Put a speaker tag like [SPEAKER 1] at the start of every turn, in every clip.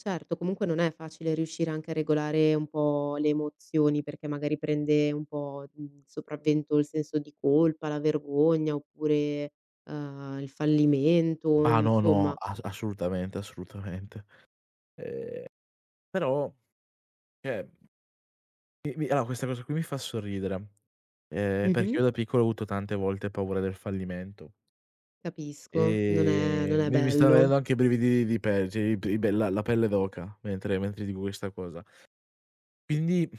[SPEAKER 1] Certo, comunque non è facile riuscire anche a regolare un po' le emozioni, perché magari prende un po', mhmm, sopravvento il senso di colpa, la vergogna, oppure, uhm, il fallimento,
[SPEAKER 2] Ah
[SPEAKER 1] mhmm,
[SPEAKER 2] no, no,
[SPEAKER 1] insomma.
[SPEAKER 2] as assolutamente, assolutamente. Ehm, però, cioè mhmm mi mi ah, questa cosa qui mi fa sorridere, ehm, perché
[SPEAKER 1] Mh-mh.
[SPEAKER 2] io da piccolo ho avuto tante volte paura del fallimento.
[SPEAKER 1] Capisco, non è non
[SPEAKER 2] Ehm,
[SPEAKER 1] è
[SPEAKER 2] mi mi stan
[SPEAKER 1] bello.
[SPEAKER 2] venendo anche brividini di pe cioè i pe i bella la pelle d'oca, mentre mentre dico questa cosa. Quindi,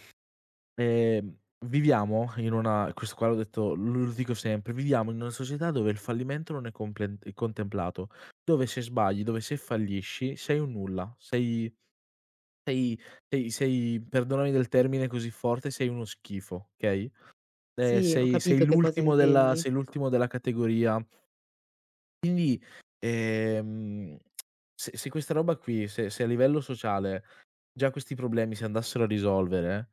[SPEAKER 2] ehm, viviamo in una questo qua l'ho detto lu lo ridico sempre, viviamo in una società dove il fallimento non è complent contemplato, dove se sbagli, dove se fallisci sei un nulla, sei sei sei sei perdonami del termine così forte, sei uno schifo, okay. Ehm,
[SPEAKER 1] Sì, ho
[SPEAKER 2] sei sei
[SPEAKER 1] capito che cosa
[SPEAKER 2] l'ultimo della
[SPEAKER 1] intendi.
[SPEAKER 2] sei l'ultimo della categoria. Quindi, ehm, se se questa roba qui, se se a livello sociale già questi problemi si andassero a risolvere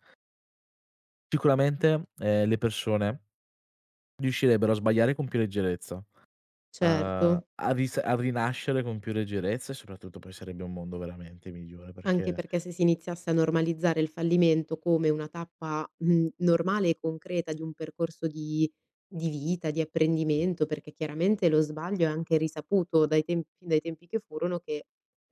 [SPEAKER 2] sicuramente, ehm, le persone riuscirebbero a sbagliare con più leggerezza, a
[SPEAKER 1] Certo.
[SPEAKER 2] a risa a rinascere con più leggerezza e soprattutto poi sarebbe un mondo veramente migliore
[SPEAKER 1] Anche
[SPEAKER 2] perché
[SPEAKER 1] perché se si iniziasse a normalizzare il fallimento come una tappa, mhmm, normale e concreta di un percorso di di vita, di apprendimento, perché chiaramente lo sbaglio è anche risaputo dai tempi dai tempi che furono che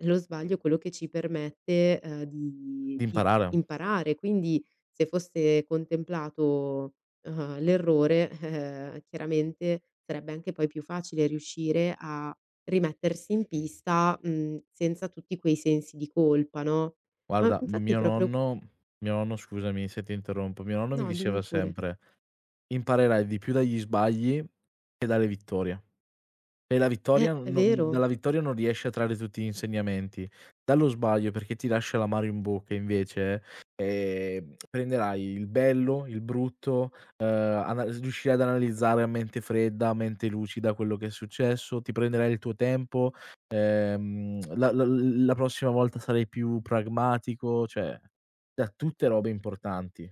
[SPEAKER 1] lo sbaglio quello che ci permette, uhm, di di
[SPEAKER 2] Imparare.
[SPEAKER 1] imparare; quindi se fosse contemplato, uhm, l'errore, eh-eh, chiaramente, sarebbe anche poi più facile riuscire a rimettersi in pista, mhmm, senza tutti quei sensi di colpa, no. Ma
[SPEAKER 2] Guarda,
[SPEAKER 1] infatti
[SPEAKER 2] mio
[SPEAKER 1] proprio
[SPEAKER 2] nonno mio nonno scusami se ti interrompo, mio nonno mi
[SPEAKER 1] No, dimmi
[SPEAKER 2] diceva
[SPEAKER 1] pure.
[SPEAKER 2] sempre: "Imparerai di più dagli sbagli che dalle vittorie". E la vittoria
[SPEAKER 1] Eh,
[SPEAKER 2] non
[SPEAKER 1] è
[SPEAKER 2] non
[SPEAKER 1] vero.
[SPEAKER 2] dalla vittoria non riesci a trarre tutti gli insegnamenti. Dallo sbaglio, perché ti lascia l'amaro in bocca invece, ehm, prenderai il bello, il brutto, ehm, anal riuscirai ad analizzare a mente fredda, a mente lucida quello che è successo, ti prenderai il tuo tempo, ehm, la la l l la prossima volta sarai più pragmatico, cioè, da tutte robe importanti.